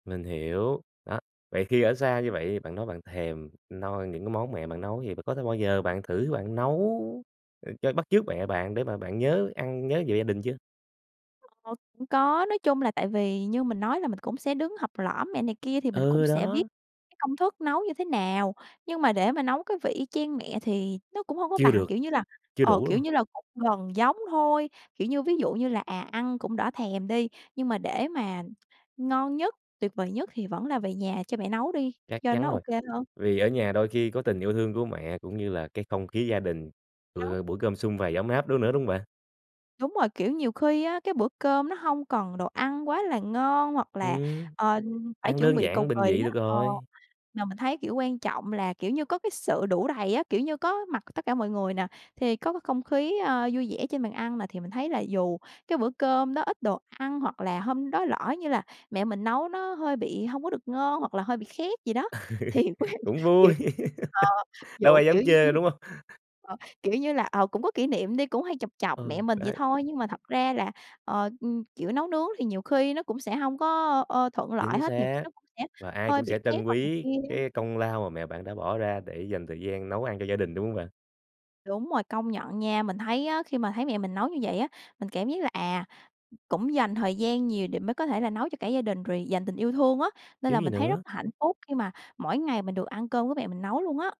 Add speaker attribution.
Speaker 1: Mình hiểu. Đó, vậy khi ở xa như vậy thì bạn nói bạn thèm noi những cái món mẹ bạn nấu, vậy có bao giờ
Speaker 2: Ừm.
Speaker 1: bạn thử bạn nấu, ờ, cho bắt chước mẹ bạn để mà bạn nhớ ăn nhớ về gia đình chưa?
Speaker 2: Ờ, cũng có. Nói chung là tại vì như mình nói là mình cũng sẽ đứng học lỏm mẹ này kia thì mình cũng
Speaker 1: Ừ,
Speaker 2: sẽ biết
Speaker 1: đó.
Speaker 2: cái công thức nấu như thế nào. Nhưng mà để mà nấu cái vị y chang mẹ thì nó cũng hông có
Speaker 1: Chưa
Speaker 2: bằng,
Speaker 1: được,
Speaker 2: kiểu như là,
Speaker 1: chưa
Speaker 2: ờ,
Speaker 1: đủ, đúng
Speaker 2: kiểu
Speaker 1: hông?
Speaker 2: như là, cũng gần giống thôi, kiểu như, ví dụ như là, à, ăn cũng đỡ thèm đi, nhưng mà để mà ngon nhất, tuyệt vời nhất thì vẫn là về nhà cho mẹ nấu đi,
Speaker 1: Chắc
Speaker 2: cho
Speaker 1: chắn
Speaker 2: nó
Speaker 1: rồi.
Speaker 2: OK hơn.
Speaker 1: Vì ở nhà đôi khi có tình yêu thương của mẹ cũng như là cái không khí gia đình,
Speaker 2: Đó.
Speaker 1: bữa buổi cơm sum vầy ấm áp đó nữa, đúng hông bạn?
Speaker 2: Đúng rồi. Kiểu, nhiều khi á, cái bữa cơm nó hông cần đồ ăn quá là ngon hoặc là,
Speaker 1: Ừm,
Speaker 2: ờ, phải
Speaker 1: ăn
Speaker 2: chuẩn
Speaker 1: đơn
Speaker 2: bị cầu
Speaker 1: giản bình
Speaker 2: kỳ
Speaker 1: dị được
Speaker 2: á. Ờ,
Speaker 1: rồi.
Speaker 2: mà mình thấy, kiểu, quan trọng là, kiểu như, có cái sự đủ đầy á. Kiểu như, có mặt tất cả mọi người nà, thì có cái không khí, a, vui vẻ trên bàn ăn nà, thì mình thấy là dù cái bữa cơm đó ít đồ ăn hoặc là hôm đó lỡ như là mẹ mình nấu nó hơi bị hông có được ngon hoặc là hơi bị khét gì đó. Thì quên
Speaker 1: Cũng
Speaker 2: kiểu
Speaker 1: vui,
Speaker 2: ờ,
Speaker 1: đâu
Speaker 2: dụ,
Speaker 1: ai
Speaker 2: kiểu
Speaker 1: dám chê
Speaker 2: như,
Speaker 1: đâu, đúng hông?
Speaker 2: ờ, kiểu như là, ờ, cũng có kỷ niệm đi, cũng hay chọc chọc mẹ
Speaker 1: Ừ,
Speaker 2: mình vậy
Speaker 1: đấy.
Speaker 2: thôi. Nhưng mà thật ra là, ờ, ừm, kiểu, nấu nướng thì nhiều khi nó cũng sẽ hông có, ờ, thuận lợi
Speaker 1: Chính
Speaker 2: hết, nhiều khi
Speaker 1: xác.
Speaker 2: nó cũng sẽ
Speaker 1: Và ai
Speaker 2: hơi
Speaker 1: cũng sẽ
Speaker 2: bị khét
Speaker 1: trân
Speaker 2: hoặc này
Speaker 1: quý
Speaker 2: kia á.
Speaker 1: cái công lao mà mẹ bạn đã bỏ ra để dành thời gian nấu ăn cho gia đình, đúng hông bạn?
Speaker 2: Đúng rồi. Công nhận nha, mình thấy á, khi mà thấy mẹ mình nấu như vậy á, mình cảm giác là, à, cũng dành thời gian nhiều để mới có thể là nấu cho cả gia đình rồi dành tình yêu thương á, nên
Speaker 1: Chứ
Speaker 2: là
Speaker 1: gì
Speaker 2: mình thấy rất
Speaker 1: nữa.
Speaker 2: là hạnh phúc khi mà mỗi ngày mình được ăn cơm của mẹ mình nấu luôn á.